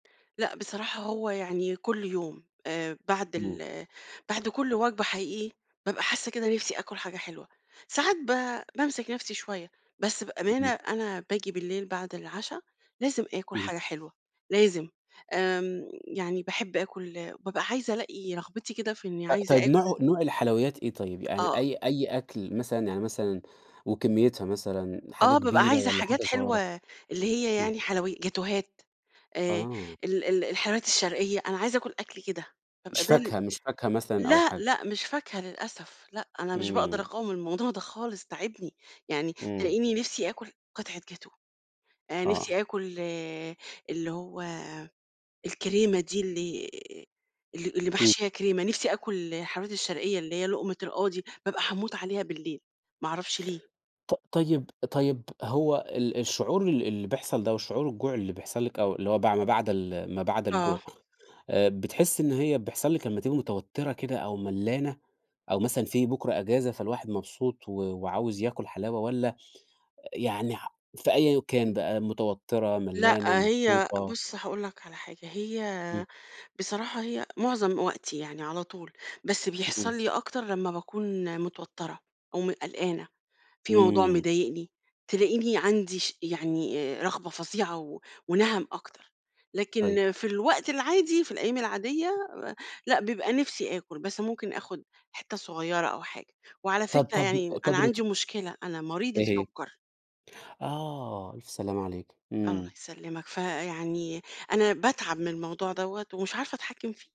لأ بصراحة هو يعني كل يوم، آآ بعد إمم. ال بعد كل وجبة حقيقي، بابقى حاسة كده نِفسي آكُل حاجة حلوة، ساعات ب بامسك نَفسي شوية. بس بأمانة اهم. أنا باجي بالليل بعد العُشا لازم آكُل اهم. حاجة حلوة، لازم. آمم يعني باحب آكُل بابقى عايزة الاقي رغبتي كده في إني أ عايزة طيب نوعه آكُل نوع الحلويات إيه طيب؟ يعني آه. أي أي أكل مثلًا يعني مثلًا وكميتها مثلًا، حاجة آه، بابقى كبيرة عايزة والّا حاجات حاجة حلوة صغيرة؟ اللي هي إمم. يعني حلوي جاتوهات، آآ، آه. ال ال الحلويات الشرقية، أنا عايزة آكل أكل كده، بابقى مش ده ال فاكهة مش فاكهة مثلًا أو لأ حاجة؟ لأ مش فاكهة للأسف، لأ، أنا مش باقدر إمم. اقاوم الموضوع ده خالص، تاعبني، يعني إمم. تلاقيني نِفسي آكُل قطعة جاتوه، آآ نفسي آه. آكل اللي هو الكريمة دي، اللي اللي اللي إمم. محشية كريمة، نِفسي آكل الحلويات الشرقية اللي هي لقمة القاضي، بابقى هاموت عليها بالليل. ما أعرفش ليه! ط طيب طيب هو ال الشعور ال اللي بيحصل ده وشعور الجوع اللي بيحصل لِك أو اللي هو بع ما بعد ال ما بعد آه. الجوع، آآ، بتحسي إن هي بيحصل لِك لمّا تبقى متوترة كده أو ملّانة أو مثلًا في بُكرة إجازة، فالواحد مبسوط و وعاوز ياكل حلاوة والّا يعني ح في أيًا كان بقى متوترة، ملّانة، لأ، هي مبسوطة؟ بُصّ هاقول لك على حاجة، إمم. هي بصراحة هي معظم وقتي يعني على طول، بس إمم. بيحصل لي أكتر لمّا باكون متوترة أو م قلقانة، في موضوع إمم. مضايقني تلاقني عندي ش يعني رغبة فظيعة و ونَهَم أكتر. طيب. لكن في الوقت العادي، في الأيام العادية لأ، بيبقى نفسي آكُل بس ممكن آخد حتّه صغيرة أو حاجة. وعلى طَب فكرة، طَب يعني أنا طَب روت عندي مشكلة أنا مريضة إيه هي؟ سكر. آه، ألف سلامة عليكِ، الله إمم. يسلمك. فيعني أنا باتعب من الموضوع دوّة ومش عارفة اتحكِم فيه.